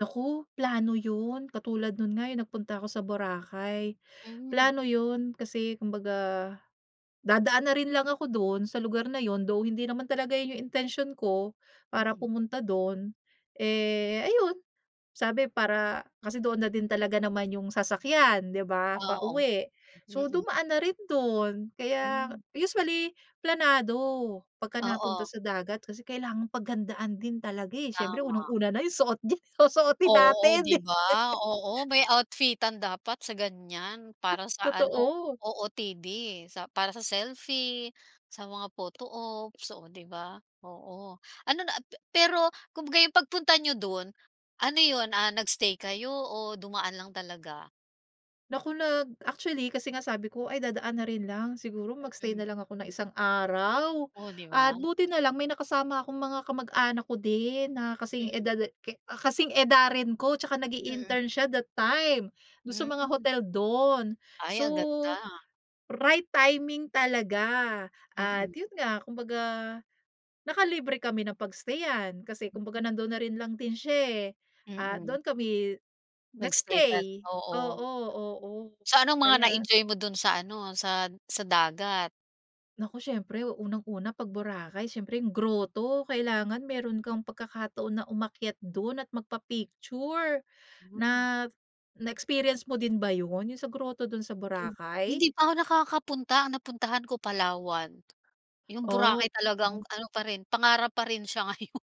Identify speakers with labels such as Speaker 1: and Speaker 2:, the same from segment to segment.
Speaker 1: Naku, plano 'yun, katulad no'n nga, eh, nagpunta ako sa Boracay.
Speaker 2: Hmm.
Speaker 1: Plano 'yun, kasi kumbaga, dadaan na rin lang ako do'n sa lugar na 'yun, though hindi naman talaga 'yun 'yung intensyon ko para
Speaker 2: Mm.
Speaker 1: pumunta do'n, eh, ayun sabi para kasi doon na din talaga naman 'yung sasakyan 'di ba,
Speaker 2: Ah, oh.
Speaker 1: pauwi. So
Speaker 2: Mm.
Speaker 1: dumaan na rin do'n, kaya
Speaker 2: Hmm.
Speaker 1: usually planado pagka napunta
Speaker 2: Oo.
Speaker 1: sa dagat kasi kailangang paghandaan din talaga, eh. Siyempre
Speaker 2: Tama.
Speaker 1: unang-una na 'yung suot diyan, susuotin
Speaker 2: Oo
Speaker 1: natin, eh.
Speaker 2: 'di ba, oo may outfitan dapat sa ganiyan para sa ano,
Speaker 1: Totoo.
Speaker 2: OOTD sa para sa selfie, sa mga photo ops, o 'di ba, oo. Ano na pe pero kumbaga 'yung pagpunta niyo do'n, ano 'yun, ah, nag-stay kayo o dumaan lang talaga?
Speaker 1: Naku, nag actually kasi nga sabi ko ay dadaan na rin lang, siguro mag-stay na
Speaker 2: Mm.
Speaker 1: lang ako ng isang araw.
Speaker 2: Oh, 'di
Speaker 1: At
Speaker 2: ba?
Speaker 1: buti nalang may nakasama akong mga kamag-anak ko din na kasing
Speaker 2: Mm.
Speaker 1: edad ka kasing edarin ko 'tsaka
Speaker 2: Mm.
Speaker 1: nag-i-intern siya that time do'n sa mga
Speaker 2: Hmm.
Speaker 1: hotel do'n.
Speaker 2: Ay
Speaker 1: So,
Speaker 2: ang ganda.
Speaker 1: right timing talaga at
Speaker 2: Mm.
Speaker 1: 'yun nga, kumbaga, naka libre kami ng pag-stayan kasi kumbaga nandoon na rin lang din siya, eh, at
Speaker 2: Mm.
Speaker 1: do'n kami
Speaker 2: Nag-stay tala
Speaker 1: nag-stay.
Speaker 2: oo.
Speaker 1: Oo, oo,
Speaker 2: So anong mga
Speaker 1: kaya.
Speaker 2: na-enjoy mo do'n sa ano sa sa dagat?
Speaker 1: Naku siyempre unang-una 'pag Boracay siyempre 'yung groto, kailangan meron kang pagkakataon na umakyat do'n at magpa-picture. Na
Speaker 2: Mhm.
Speaker 1: na-experience mo din ba 'yun, 'yung sa groto do'n sa
Speaker 2: Kin
Speaker 1: Boracay?
Speaker 2: hindi pa ako nakakapunta, ang napuntahan ko Palawan. 'Yung
Speaker 1: Oh.
Speaker 2: Boracay talagang
Speaker 1: [unintelligible]
Speaker 2: ano pa rin pangarap pa rin siya ngayon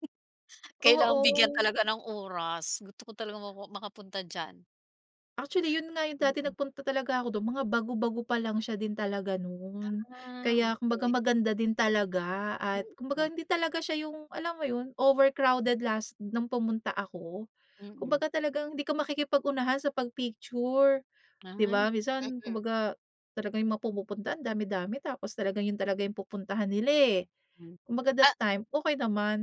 Speaker 2: Kailangang bigyan
Speaker 1: Oo.
Speaker 2: talaga ng oras, gusto ko talaga ma makapunta diyan.
Speaker 1: Actually 'yun nga 'yung dati
Speaker 2: Mm.
Speaker 1: nagpunta talaga ako do'n, mga bago-bago pa lang siya din talaga no'n.
Speaker 2: Ah,
Speaker 1: Kaya kumbaga
Speaker 2: okey.
Speaker 1: maganda din talaga at kumbaga
Speaker 2: Mhm.
Speaker 1: hindi talaga siya 'yung, alam mo 'yun, overcrowded last no'ng pumunta ako.
Speaker 2: Mm.
Speaker 1: Kumbaga talagang, hindi ka makikipag-unahan sa pag-picture.
Speaker 2: Ay.
Speaker 1: 'Di ba, minsan
Speaker 2: Mm.
Speaker 1: kumbaga talaga 'yung mga pumupunta ang dami-dami tapos talaga 'yun talaga yung pupuntahan nila, eh.
Speaker 2: Hmm,
Speaker 1: Kumbaga that
Speaker 2: ah.
Speaker 1: time, okey naman.